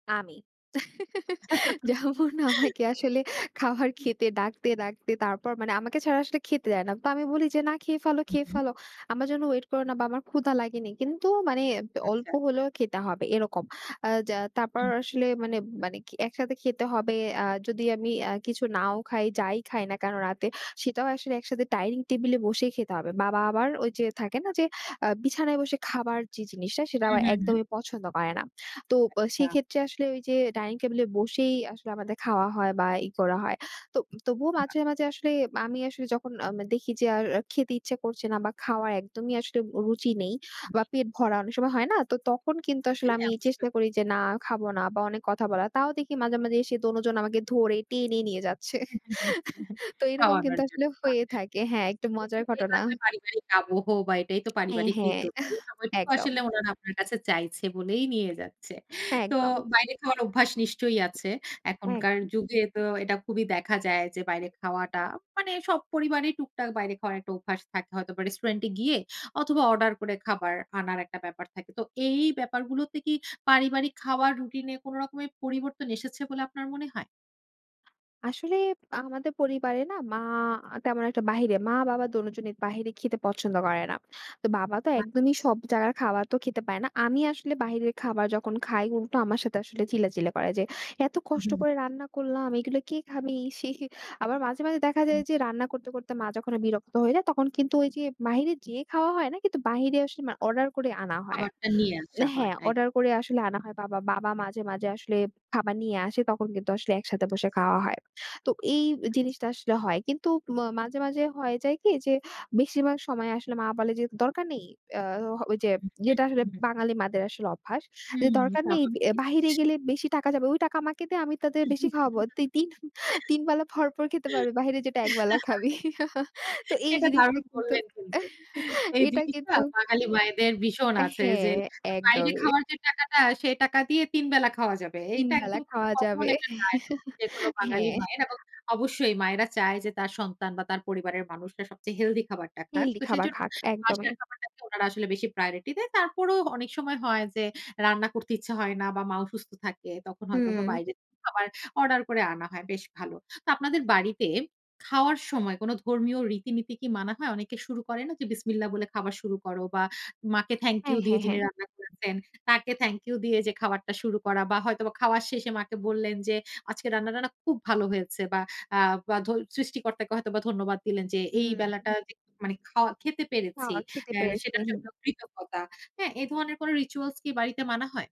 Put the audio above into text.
আমি। যেমন আমাকে আসলে খাবার হ্যাঁ। খেতে ডাকতে ডাকতে তারপর মানে আমাকে ছাড়া আসলে খেতে দেয় না। তো আমি বলি যে না খেয়ে ফেলো, হুম, খেয়ে হুম। ফেলো। আমার যেন ওয়েট করো না বা আমার ক্ষুধা লাগেনি। কিন্তু মানে ব্য অল্প আচ্ছা। হলেও খেতে হবে এরকম। আ যা তারপর হুম। আসলে মানে মানে একসাথে খেতে হবে। আ যদি আমি আ কিছু নাও খাই, যাই খাই না কেন রাতে; সেটাও আসলে একসাথে ডাইনিং টেবলে বসেই খেতে হবে। বাবা আবার ওই যে থাকে না আচ্ছা। যে, আ বিছানায় বসে খাবার যে জিনিসটা সেটা হুম, আবার হুম, হুম। একদমই পছন্দ করে না। তো ব আচ্ছা। সেক্ষেত্রে আসলে ওই যে ডাইনিং টেবলে বসেই আসলে আমাদের খাওয়া হয় বা ই করা হয়। তো তবুও [unintelligible] মাঝে মাঝে আসলে আমি আসলে যখন আম দেখি যে আর খেতে ইচ্ছা করছে না বা খাওয়ার একদমই আসলে রুচি নেই মন বা নেই। হু, পেট ভরা; অনেক হুম। সময় হয় না তো তখন কিন্তু আসলে হ্যাঁ, আমি চেষ্টা অবশ্যই। করি যে না খাবো না বা অনেক কথা বলার। তাও দেখি মাঝে মাঝে এসে দোনজন আমাকে ধরে টেনে নিয়ে যাচ্ছে। তো এরকম কিন্তু খাওয়ানোর আসলে জন্য। বাহ! হয়ে থাকে। হ্যাঁ, একটু মজার ঘটনা। [unintelligible] পারিবারিক আবহ বা এটাই তো হ্যাঁ, পারিবারিক হ্যাঁ। হৃদ্যতা। আহ! এই সময়টুকু একদম। আসলে ওনারা আপনার কাছে চাইছে বলেই নিয়ে যাচ্ছে। তো একদম। বাইরে খাওয়ার অভ্যাস নিশ্চয়ই আছে। হ্যাঁ। এখনকার যুগে তো এটা খুবই দেখা যায় যে, বাইরে খাওয়াটা মানে সব পরিবারেই টুকটাক বাইরে খাওয়ার একটা অভ্যাস থাকে হয়তো বা রেস্টুরেন্ট এ গিয়ে অথবা অর্ডার করে খাবার আনার একটা ব্যাপার থাকে। তো এই ব্যাপারগুলোতে কি পারিবারিক খাওয়ার রুটিন এ কোন রকমের পরিবর্তন এসেছে বলে আপনার মনে হয়? আসলে আমাদের পরিবারে না মা তেমন একটা বাহিরে মা-বাবা দোনোজনের বাইরে খেতে পছন্দ করে না। তো বাবা তো বাহ! একদমই সব জায়গার খাবার তো খেতে পারে না। আমি আসলে বাইরের খাবার যখন খাই; উল্টো আমার সাথে আসলে চিল্লাচিল্লি করে যে, এত উ কষ্ট উহুম। করে রান্না করলাম এগুলো কে খাবি? আবার মাঝে মাঝে দেখা যায় হু। যে রান্না করতে, করতে মা যখন বিরক্ত হয়ে যায় তখন কিন্তু ওই যে বাহিরে যেয়ে খাওয়া হয় না কিন্তু বাহিরে আসলে মানে অর্ডার করে আনা হয়। খাবারটা নিয়ে আসা হয়। হ্যাঁ। এক অর্ডার করে আসলে আনা হয়। বাবা বাবা মাঝে মাঝে আসলে খাবার নিয়ে আসে তখন কিন্তু আসলে একসাথে বসে আচ্ছা। খাওয়া হয়। তো এই আচ্ছা। জিনিসটা আসলে হয়। কিন্তু ম মাঝে মাঝে হয়ে যায় কি যে, বেশিরভাগ সময় আসলে মা বলে যে দরকার নেই। ইয়া এ ওই ইয়েটা আসলে [unintelligible] বাঙালি মাদের আসলে অভ্যাস। যে হুম, দরকার নেই স্বাভাবিক জিনিস। বাহিরে গেলে বেশি টাকা যাবে। ওই টাকা আমাকে দে, আমি তাতে বেশি খাওয়াবো। তুই তিন, তিন বেলা ভরপুর খেতে পারবি বাহিরে যেটা একবেলা খাবি। তো এই এটা জিনিসটা দারুন কিন্তু বললেন কিন্তু। এই এটা জিনিসটা কিন্তু বাঙালি হুম। মায়েদের ভীষণ এ আছে হ্যাঁ, যে, বাইরে একদমই। খাওয়ার যে টাকাটা সেই টাকা দিয়ে তিন বেলা খাওয়া যাবে। তিন এটা বেলা একদম খুব খাওয়া কমন যাবে। একটা ডায়ালগ যেকোনো বাঙালি হ্যাঁ। মায়ের। এবং অবশ্যই মায়েরা চায় যে, তার সন্তান বা তার পরিবারের মানুষরা সবচেয়ে হেলথি খাবারটা খাক। হেলদি তো খাবার সেজন্য খাক, একদমই। বাসার খাবারটাকে ওনারা আসলে বেশি প্রায়োরিটি দেয়। তারপরও অনেক সময় হয় যে, রান্না করতে ইচ্ছা হয় না বা মা অসুস্থ থাকে, তখন হয়তোবা হুম। বাইরে খাবার অর্ডার করা হয়। বেশ ভালো। তো আপনাদের বাড়িতে খাওয়ার সময় কোন ধর্মীয় রীতিনীতি কি মানা হয়? অনেকে শুরু করে না যে বিসমিল্লাহ বলে খাবার শুরু করো বা মাকে থ্যাংক ইউ হ্যাঁ, দিয়ে হ্যাঁ, যিনি হ্যাঁ। রান্না করেছেন তাকে থ্যাংক ইউ দিয়ে যে খাবারটা শুরু করা বা হয়তোবা খাওয়ার শেষে মাকে বললেন যে, আজকে রান্না টান্না খুব ভালো হয়েছে। বা আ বা সৃষ্টিকর্তাকে হয়তোবা ধন্যবাদ দিলেন যে এই হুম। বেলাটা যে মানে খাওয়া খেতে পেরেছি; খাওয়া খেতে এ পেরেছি, সেটার হুম। জন্য কৃতজ্ঞতা। হ্যাঁ? এ ধরনের কোন রিচুয়ালস কি বাড়িতে মানা হয়?